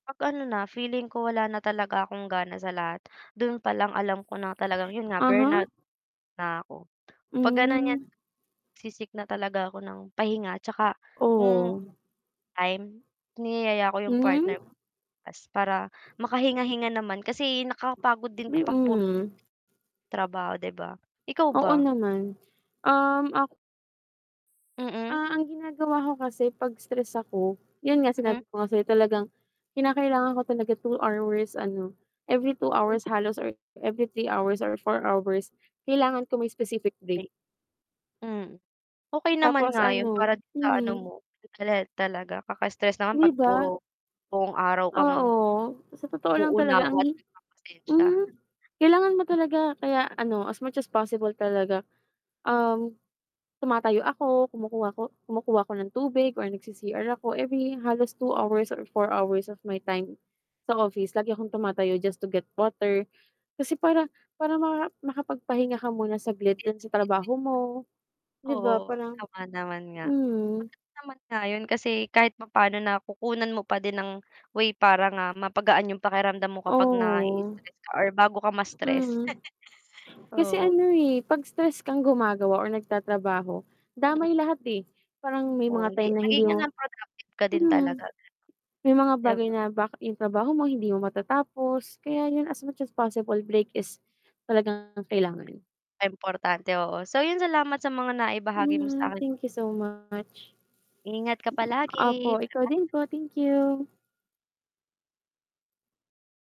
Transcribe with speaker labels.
Speaker 1: 'Pag ano na feeling ko wala na talaga akong gana sa lahat, doon pa lang alam ko na talagang 'yun nga
Speaker 2: Uh-huh.
Speaker 1: burnout na'ko, 'pag gano'n 'yan
Speaker 2: Hmm.
Speaker 1: se-seek na talaga ako ng pahinga 'tsaka hmm,
Speaker 2: Oh.
Speaker 1: time, niyayaya ko 'yung partner ko
Speaker 2: Hmm.
Speaker 1: lumabas para makahinga-hinga naman kasi nakakapagod din
Speaker 2: Mi
Speaker 1: kapag puro
Speaker 2: mhm.
Speaker 1: trabaho 'di ba, ikaw
Speaker 2: Oo
Speaker 1: ba?
Speaker 2: naman, um, ak
Speaker 1: Mm.
Speaker 2: Ah, ang ginagawa ko kasi 'pag stress ako, 'yun nga
Speaker 1: Mm.
Speaker 2: sinabi ko nga sa'yo talagang kinakailangan ko talaga 2 hours ano every 2
Speaker 1: O
Speaker 2: hours halos or every 3 hours or 4 hours, kailangan ko may specific break.
Speaker 1: Ay hmm, okey naman
Speaker 2: Tapos
Speaker 1: nga 'yun
Speaker 2: ano
Speaker 1: para dun sa ano
Speaker 2: mhm.
Speaker 1: mo [unintelligible] talaga kaka-stress naman
Speaker 2: 'Di
Speaker 1: 'pag
Speaker 2: ba?
Speaker 1: puro buong araw kang
Speaker 2: Oo, sa totoo lang talaga
Speaker 1: uunawa
Speaker 2: ang
Speaker 1: at
Speaker 2: hi
Speaker 1: nagpapasensya.
Speaker 2: hmm, kailangan mo talaga, kaya ano as much as possible talaga um, tumatayo ako, kumukuha ko kumukuha ako ng tubig or nag-c-CR ako every halos 2 hours or 4 hours of my time sa office lagi akong tumatayo just to get water kasi para para makapagpahinga ka muna saglit dun sa
Speaker 1: Busying-busy.
Speaker 2: trabaho mo, 'di ba
Speaker 1: Oo,
Speaker 2: parang
Speaker 1: tama naman nga.
Speaker 2: hmm.
Speaker 1: Sapat naman nga 'yun kasi kahit papaano na kukunan mo pa din ng way para nga mapagaan 'yung pakiramdam mo kapag
Speaker 2: Oo.
Speaker 1: nai-i-stress ka or bago ka ma-stress,
Speaker 2: Mm, kasi
Speaker 1: oo.
Speaker 2: ano, eh, 'pag stress kang gumagawa or nagtatrabaho,
Speaker 1: Mm.
Speaker 2: damay lahat, eh, parang may
Speaker 1: Oo
Speaker 2: mga
Speaker 1: hindi
Speaker 2: time na hindi
Speaker 1: maigi
Speaker 2: mo
Speaker 1: nang 'pag active ka din
Speaker 2: hmm.
Speaker 1: talaga ganun.
Speaker 2: May mga
Speaker 1: 'Di
Speaker 2: bagay
Speaker 1: ba?
Speaker 2: na bakit 'yung trabaho mo hindi mo matatapos, kaya 'yun as much as possible break is talagang kailangan.
Speaker 1: Importante, oo. So 'yun salamat sa mga naibahagi mo
Speaker 2: Mhm,
Speaker 1: sa'kin.
Speaker 2: thank you so much.
Speaker 1: Ingat ka palagi,
Speaker 2: Opo, ikaw din
Speaker 1: paalam.
Speaker 2: po, thank you.